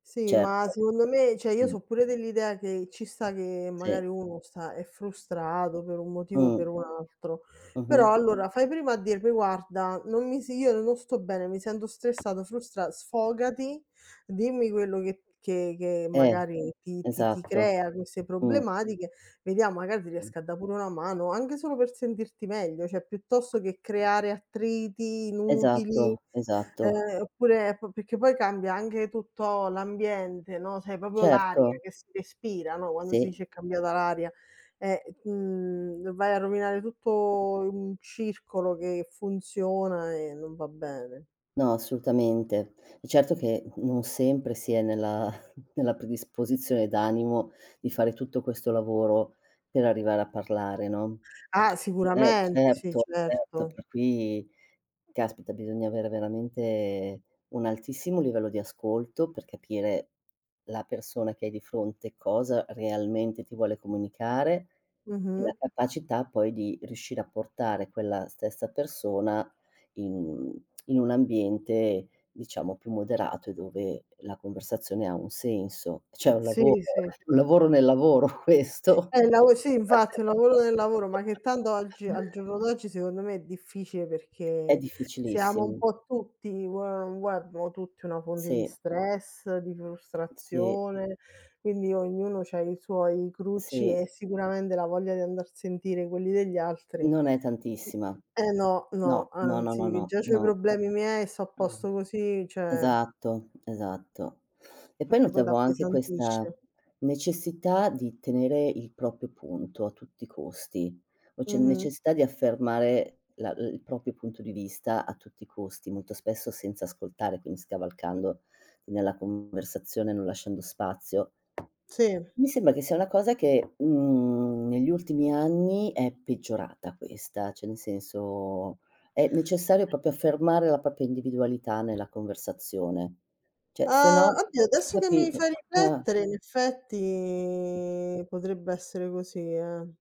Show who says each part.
Speaker 1: Sì, ma
Speaker 2: Certo.
Speaker 1: secondo me, cioè, io
Speaker 2: Mh.
Speaker 1: so' pure dell'idea che ci sta che
Speaker 2: Sì.
Speaker 1: magari uno sta è frustrato per un motivo o per
Speaker 2: Mh.
Speaker 1: un altro. Però
Speaker 2: Mh-mh.
Speaker 1: allora fai prima a dirmi: "Guarda, non mi si io non sto bene, mi sento stressato, frustra" Sfogati, dimmi quello che p che che
Speaker 2: Eh,
Speaker 1: magari ti ti ti
Speaker 2: esatto.
Speaker 1: crea queste
Speaker 2: Mh.
Speaker 1: problematiche, vediamo magari ti
Speaker 2: Mh.
Speaker 1: riesco a da' pure una mano, anche solo per sentirti meglio, cioè piuttosto che creare attriti inutili,
Speaker 2: Esatto, esatto.
Speaker 1: ehm, oppure po perché poi cambia anche tutto l'ambiente, no, sai proprio l'aria
Speaker 2: Certo.
Speaker 1: che si respira, no, quando si
Speaker 2: Sì.
Speaker 1: dice: "È cambiata l'aria." Eh, mhmm, vai a rovinare tutto un circolo che funziona e non va bene.
Speaker 2: No, assolutamente. È certo che, mhmm, non sempre si è nella nella predisposizione d'animo di fare tutto questo lavoro per arrivare a parlare, no.
Speaker 1: Ah,
Speaker 2: Eh,
Speaker 1: sicuramente! Sì,
Speaker 2: certo, certo.
Speaker 1: certo.
Speaker 2: Per cui, caspita, bisogna avere veramente un altissimo livello di ascolto per capire la persona che hai di fronte cosa realmente ti vuole comunicare, e la
Speaker 1: Mh-mh.
Speaker 2: capacità poi di riuscire a portare quella stessa persona in in un ambiente, diciamo, più moderato e dove la conversazione ha un senso. Cioè, è un
Speaker 1: Sì,
Speaker 2: lavoro,
Speaker 1: sì.
Speaker 2: un lavoro nel lavoro questo.
Speaker 1: È il lavo sì, infatti, un lavoro nel lavoro, ma che tanto oggi al giorno d'oggi, secondo me, è difficile
Speaker 2: È
Speaker 1: perché siamo un
Speaker 2: difficilissimo.
Speaker 1: po' tutti vuoi o non vuoi, abbiamo tutti una fonte di
Speaker 2: Sì.
Speaker 1: stress, di
Speaker 2: Sì.
Speaker 1: frustrazione, quindi ognuno c'ha i suoi crucci
Speaker 2: Sì.
Speaker 1: e sicuramente la voglia di andar a sentire quelli degli altri, mhmm
Speaker 2: Non è tantissima.
Speaker 1: eh, no, no,
Speaker 2: No, no, no,
Speaker 1: anzi,
Speaker 2: no,
Speaker 1: che
Speaker 2: no.
Speaker 1: già c'ho i
Speaker 2: No.
Speaker 1: problemi miei e sto a
Speaker 2: Mh.
Speaker 1: posto così, cioè
Speaker 2: Esatto, esatto. E poi
Speaker 1: Perché poi
Speaker 2: notavo anche questa
Speaker 1: t'appesantisce.
Speaker 2: necessità di tenere il proprio punto a tutti i costi. O c'è
Speaker 1: Mh-mh.
Speaker 2: necessità di affermare la l il proprio punto di vista a tutti i costi, molto spesso senza ascoltare, quindi scavalcando nella conversazione, non lasciando spazio.
Speaker 1: Sì.
Speaker 2: Mi sembra che sia una cosa che, mhmm, negli ultimi anni è peggiorata questa, cioè nel senso, è necessario proprio affermare la propria individualità nella conversazione. Cioè, se
Speaker 1: Ah!
Speaker 2: no
Speaker 1: Oddio, adesso che mi
Speaker 2: capito.
Speaker 1: fai
Speaker 2: Uh.
Speaker 1: riflettere in effetti potrebbe essere così, eh.